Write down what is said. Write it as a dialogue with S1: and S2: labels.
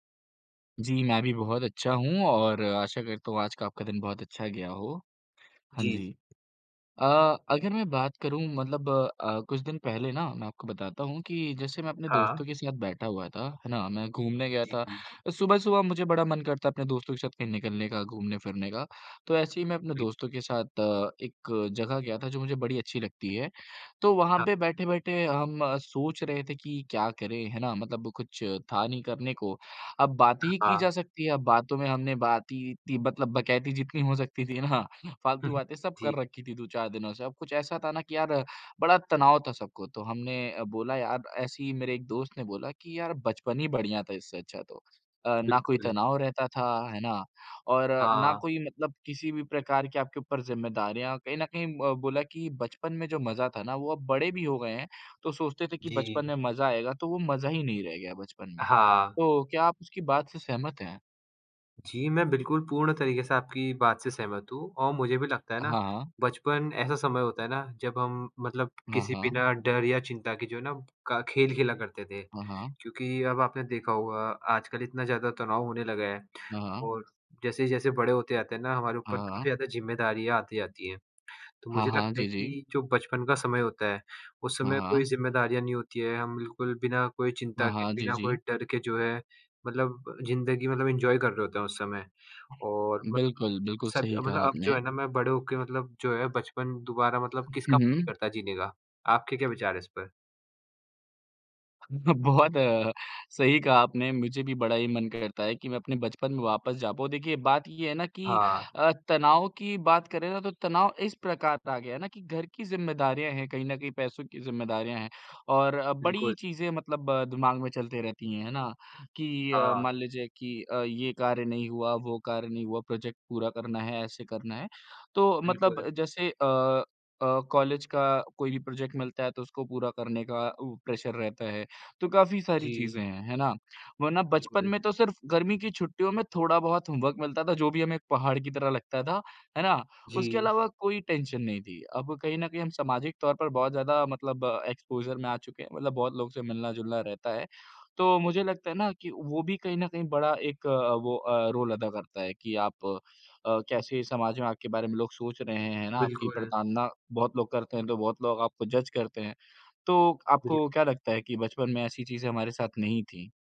S1: जी, मैं भी बहुत अच्छा हूँ और आशा करता हूँ आज का आपका दिन बहुत अच्छा गया हो। हाँ
S2: जी।
S1: जी, अ, अगर मैं बात करूँ मतलब अ, कुछ दिन पहले ना मैं आपको बताता हूँ कि जैसे मैं अपने
S2: हाँ।
S1: दोस्तों के साथ बैठा हुआ था, है ना, मैं घूमने गया
S2: जी,
S1: था,
S2: जी।
S1: सुबह-सुबह मुझे बड़ा मन करता है अपने दोस्तों के साथ कहीं निकलने का, घूमने फिरने का, तो ऐसे ही मैं अपने
S2: बिल
S1: दोस्तों के साथ अ, एक जगह गया था जो मुझे बड़ी अच्छी लगती है, तो वहाँ
S2: हाँ।
S1: पे बैठे-बैठे हम सोच रहे थे कि क्या करें, है ना? मतलब कुछ था नहीं करने को, अब बातें ही की जा
S2: हाँ।
S1: सकती हैं, अब बातों में हमने बात ही इत्ती मतलब बकैती जितनी हो सकती थी ना, फ़ालतू बातें सब
S2: जी।
S1: कर रखीं थीं 2-4 दिनों से, अब कुछ ऐसा था ना कि यार बड़ा तनाव था सबको, तो हमने बोला यार ऐसे ही मेरे एक दोस्त ने बोला कि यार बचपन ही बढ़िया था इससे अच्छा तो, अ, ना कोई
S2: बिल्कुल।
S1: तनाव रहता था, है ना? और ना
S2: हाँ।
S1: कोई मतलब किसी भी प्रकार की आपके ऊपर ज़िम्मेदारियाँ कहीं न कहीं उम, बोला कि बचपन में जो मज़ा था ना वो अब बड़े भी हो गए हैं तो सोचते थे कि बचपन
S2: जी।
S1: में मजा आएगा तो वो मजा ही नहीं रह गया बचपन में।
S2: हाँ।
S1: तो क्या आप उसकी बात से सहमत हैं?
S2: जी, मैं बिल्कुल पूर्ण तरीके से आपकी बात से सहमत हूँ और मुझे भी लगता है ना,
S1: हाँ।
S2: बचपन ऐसा समय होता है ना जब हम मतलब
S1: हाँ,
S2: किसी
S1: हाँ।
S2: बिना डर या चिंता के जो है ना, क खेल खेला करते थे
S1: हाँ, हाँ।
S2: क्योंकि अब आपने देखा होगा आजकल इतना ज़्यादा तनाव होने लगा है
S1: हाँ, हाँ।
S2: और जैसे-जैसे बड़े होते जाते हैं ना, हमारे
S1: हाँ,
S2: ऊपर काफ़ी
S1: हाँ।
S2: ज़्यादा ज़िम्मेदारियाँ आती जाती हैं, तो
S1: हाँ,
S2: मुझे
S1: हाँ।
S2: लगता है
S1: जी, जी।
S2: कि जो बचपन का समय होता है, उस
S1: हाँ,
S2: समय कोई
S1: हाँ।
S2: ज़िम्मेदारियाँ नहीं होती हैं, हम बिल्कुल बिना कोई चिंता
S1: हाँ,
S2: के,
S1: हाँ। जी,
S2: बिना कोई
S1: जी।
S2: डर के जो है, मतलब जिंदगी मतलब इंजॉय कर रहे होते हैं उस समय और मतलब
S1: बिल्कुल, बिल्कुल
S2: सब
S1: सही
S2: मतलब
S1: कहा
S2: अब जो
S1: आपने।
S2: है ना, मैं बड़े होके मतलब जो है बचपन दोबारा मतलब किसका
S1: हुँ,
S2: मन नहीं
S1: हुँ।
S2: करता जीने का। आपके क्या विचार हैं इस पर?
S1: बहुत सही कहा आपने। मुझे भी बड़ा ही मन करता है कि मैं अपने बचपन में वापस जा पाऊँ। देखिए, बात ये है ना कि
S2: हाँ।
S1: अ, तनाव की बात करें ना तो तनाव इस प्रकार आ गया है ना कि घर की ज़िम्मेदारियाँ हैं कहीं न कहीं, पैसों की ज़िम्मेदारियाँ हैं और अ, बड़ी
S2: बिल्कुल।
S1: चीज़ें मतलब अ, दिमाग में चलती रहती हैं, है ना? कि अ,
S2: हाँ।
S1: मान लीजिए कि अ, ये कार्य नहीं हुआ, वो कार्य नहीं हुआ, प्रोजेक्ट पूरा करना है, ऐसे करना है, तो मतलब
S2: बिल्कुल।
S1: जैसे अ अ, कॉलेज का कोई भी प्रोजेक्ट मिलता है तो उसको पूरा करने का उ प्रेशर रहता है, तो काफ़ी सारी
S2: जी।
S1: चीज़ें हैं, है ना? वरना बचपन
S2: बिल्कुल।
S1: में तो सिर्फ़ गर्मी की छुट्टियों में थोड़ा-बहुत होमवर्क मिलता था, जो भी हमें एक पहाड़ की तरह लगता था, है ना? उसके
S2: जी।
S1: अलावा कोई टेंशन नहीं थी, अब कहीं न कहीं हम सामाजिक तौर पर बहुत ज़्यादा मतलब एक्सपोज़र में आ चुके हैं, मतलब बहुत लोगों से मिलना-जुलना रहता है, तो मुझे लगता है ना कि वो भी कहीं न कहीं बड़ा एक अ, वो अ, रोल अदा करता है कि आप अ, कैसे समाज में आपके बारे में लोग सोच रहे हैं, है ना? आपकी
S2: बिल्कुल।
S1: प्रताड़ना बहुत लोग करते हैं तो बहुत लोग आपको जज करते हैं, तो
S2: बिलकु
S1: आपको क्या लगता है कि बचपन में ऐसी चीज़ें हमारे साथ नहीं थीं?